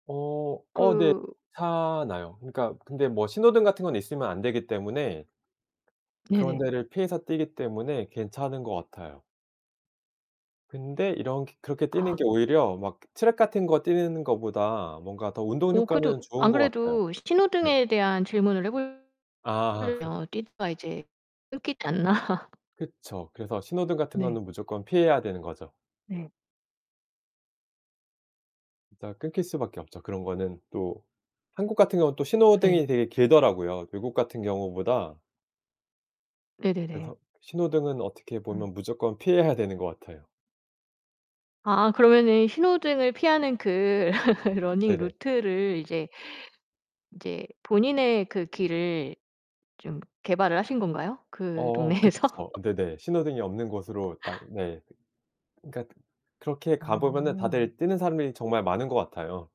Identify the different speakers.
Speaker 1: 어 어 네
Speaker 2: 그
Speaker 1: 괜찮아요. 그러니까 근데 뭐 신호등 같은 건 있으면 안 되기 때문에 그런
Speaker 2: 네네.
Speaker 1: 데를 피해서 뛰기 때문에 괜찮은 것 같아요. 근데 이렁케 그렇게 뛰는
Speaker 2: 아.
Speaker 1: 게 오히려 막 트랙 같은 거 뛰는 것보다 뭔가 더 운동
Speaker 2: 오 그래도
Speaker 1: 효과는 좋은
Speaker 2: 안
Speaker 1: 것 같아요.
Speaker 2: 그래도
Speaker 1: 네.
Speaker 2: 신호등에 대한 질문을 해 볼
Speaker 1: 아.
Speaker 2: 으면 뛰다가 이제 끊기지 않나?
Speaker 1: 그쵸. 그래서 신호등 같은
Speaker 2: 네.
Speaker 1: 거는 무조건 피해야 되는 거죠.
Speaker 2: 네.
Speaker 1: 이따가 끊길 수 밖에 없죠 그런 거는 또. 한국 같은 경우는 또
Speaker 2: 예.
Speaker 1: 신호등이 되게 길더라고요 외국 같은 경우보다
Speaker 2: 네네네.
Speaker 1: 그래서 신호등은 어떻게
Speaker 2: 음.
Speaker 1: 보면 무조건 피해야 되는 것 같아요.
Speaker 2: 아 그러면은 신호등을 피하는 그 러닝
Speaker 1: 네네.
Speaker 2: 루트를 이제, 이제 본인의 그 길을 좀 개발을 하신 건가요? 그
Speaker 1: 어
Speaker 2: 동네에서?
Speaker 1: 그쵸. 네네. 신호등이 없는 곳으로 딱 네. 그러니까 그렇게 가 보면
Speaker 2: 오.
Speaker 1: 다들 뛰는 사람들이 정말 많은 것 같아요.